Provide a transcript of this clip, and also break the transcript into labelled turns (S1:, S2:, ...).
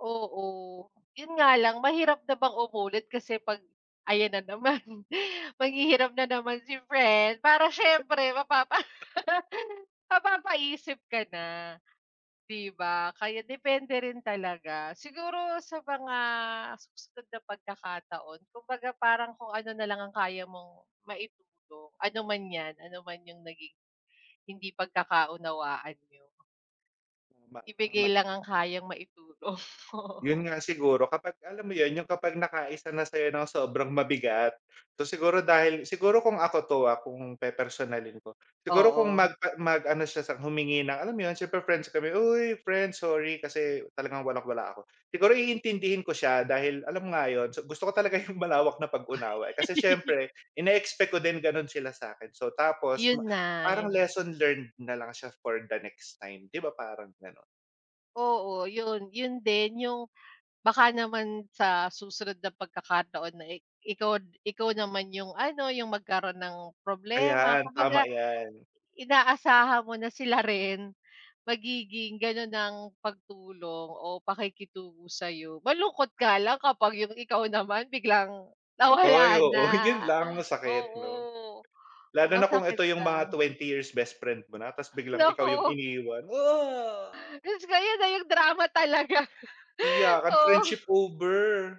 S1: Oo, yun nga lang mahirap na bang umulit kasi pag ayan na naman maghihirap na naman si friend para siyempre mapapa mapapapaisip ka na 'di ba, kaya depende rin talaga. Siguro sa mga susunod na pagkakataon kumbaga parang kung ano nalang ang kaya mong maitulong, ano man 'yan, ano man yung naging hindi pagkakaunawaan niyo.
S2: Tama,
S1: Ibigay
S2: tama.
S1: lang ang kayang maitulong, oh.
S2: Yun nga siguro kapag alam mo 'yon yung kapag nakaisa na sa'yo ng sobrang mabigat. So, siguro dahil siguro kung ako 'to, ah, kung pepersonalin ko, siguro kung
S1: Oo.
S2: mag mag-ano siya sa humingi ng alam mo 'yon siyempre friends kami, "Uy friends sorry kasi talagang walang-wala ako." Siguro, iintindihin ko siya dahil alam mo nga 'yon gusto ko talaga yung malawak na pag-unawa, eh, kasi siyempre ineexpect ko din gano'n sila sa'kin. So. tapos
S1: Yun na,
S2: parang
S1: yung
S2: lesson learned nalang siya for the next time 'di ba, parang gano'n.
S1: Oo 'yon, 'yon din yung baka naman sa susunod na pagkakataon na i ikaw ikaw naman yung ano, yung magkaroon ng problema
S2: Ayan tama,
S1: kumbaga
S2: 'yan.
S1: inaasahan mo na sila rin magiging gano'n ang pagtulong o pakikitungo sa'yo. Malungkot nga lang kapag yung ikaw naman biglang
S2: Ay,
S1: nawala na,
S2: oo 'yon lang masakit 'no,
S1: oo.
S2: lalo na kung
S1: Masakit
S2: eto yung mga
S1: lang.
S2: 20 years best friend mo na tas biglang ikaw yung
S1: Naku
S2: iniwan, ah.
S1: jusko ko, ayon nga yung drama talaga,
S2: Iyakan friendship
S1: oo.
S2: over.